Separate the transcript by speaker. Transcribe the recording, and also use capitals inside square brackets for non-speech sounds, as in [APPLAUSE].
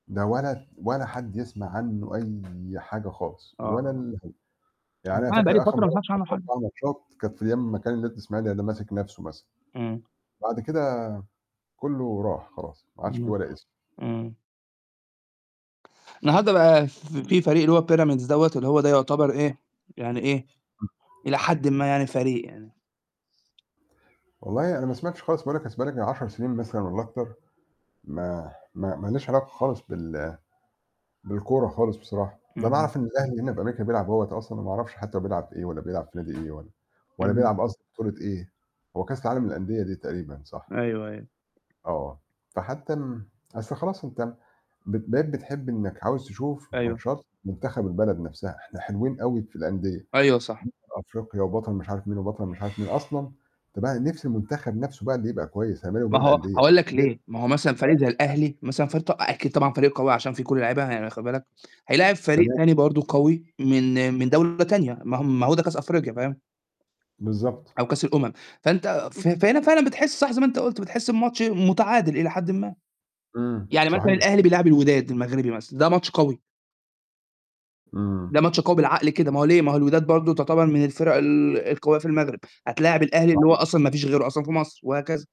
Speaker 1: ده ولد، ولا حد يسمَع عنّه أي حاجة خالص، ولا
Speaker 2: آه.
Speaker 1: الهوا
Speaker 2: أصل
Speaker 1: يعني أنا
Speaker 2: أنا بقى لي
Speaker 1: فاكر آخر
Speaker 2: فترة ما
Speaker 1: مرّة
Speaker 2: سمَعِتش عنه
Speaker 1: شفت
Speaker 2: حاجة.
Speaker 1: فيها ماتشات كانت في أيام أمّا كان النادي الإسماعيلي انا ماسك نفْسَه مثلًا.
Speaker 2: إمم.
Speaker 1: بعد كده كله راح خلاص، ما عدش في
Speaker 2: إمم،
Speaker 1: ولا اسم.
Speaker 2: إمم. انهارده بقى ف
Speaker 1: إمم.
Speaker 2: في فريق، اللي هو Pyramids دوّة، اللي هو ده يُعتبر إيه، يعني إيه،
Speaker 1: امم.
Speaker 2: إلى حد ما يعني، فريق يعني.
Speaker 1: والله، أنا ما سمعتش خالص. باقول، لك أصل بقالي يجي من 10 سنين مثلًا، والّا أكتر، ما ما ما لياش علاقة خالص بال بالكورة خالص بصراحة. أنا
Speaker 2: إمم.
Speaker 1: باعرف إن الأهلي هنا في أمريكا بيلعب أهوة أصلًا، وما أعرفش حتى بيلعب في إيه، والّا بيلعب في نادي إيه، والّا
Speaker 2: إمم.
Speaker 1: بيلعب أصلًا في بطولة إيه. هو كأس العالم للأندية دي تقريبًا، صح؟
Speaker 2: أيوه، أيوه.
Speaker 1: آه، فحتى م أصل خلاص، أنت بت بقيت بتحب إنّك عاوز تشوف
Speaker 2: أيوه.
Speaker 1: ماتشات مُنتخب البلد نفْسَها. إحنا حلوين أوي في الأندية،
Speaker 2: أيوه، صح.
Speaker 1: أفريقيا وبطل مش عارف مين، وبطل مش عارف مين، أصلًا فبقى نفسي المنتخب نفْسَه بقى اللي يبقى كويّس، أنا ما لي
Speaker 2: ما
Speaker 1: ومال
Speaker 2: هو
Speaker 1: الأندية
Speaker 2: هاقول لك
Speaker 1: ن
Speaker 2: ليه، ما هو مثلًا فريق
Speaker 1: [UNINTELLIGIBLE]
Speaker 2: زَي الأهلي مثلًا [UNINTELLIGIBLE] أكيد طبعًا فريق قوي، عشان في كل اللعيبة ه يعني واخد بالك هيلاعب فريق
Speaker 1: تمام.
Speaker 2: تاني برضه قوي من
Speaker 1: إمم.
Speaker 2: من دولة تانية. ما هو ما هو ده كأس أفريقيا، فاهم.
Speaker 1: بالضبط.
Speaker 2: أو كأس الأمم، فأنت ف فهنا فعلًا بتحس، صح زَي ما أنت قُلت، بتحس بماتش متعادل إلى حد ما.
Speaker 1: إمم،
Speaker 2: يعني مثلًا
Speaker 1: صحيح.
Speaker 2: الأهلي بيلاعب الوداد المغربي مثلًا، ده ماتش قوي.
Speaker 1: إمم.
Speaker 2: ده ماتش بالعقل كده، ما هو ليه؟ ما هو الوداد برضه تُعتبر من الفرق ال القوية في المغرب، هتلاعب الأهلي، اللي هو
Speaker 1: صحيح.
Speaker 2: أصلًا ما فيش غيره أصلًا في مصر، وهكذا.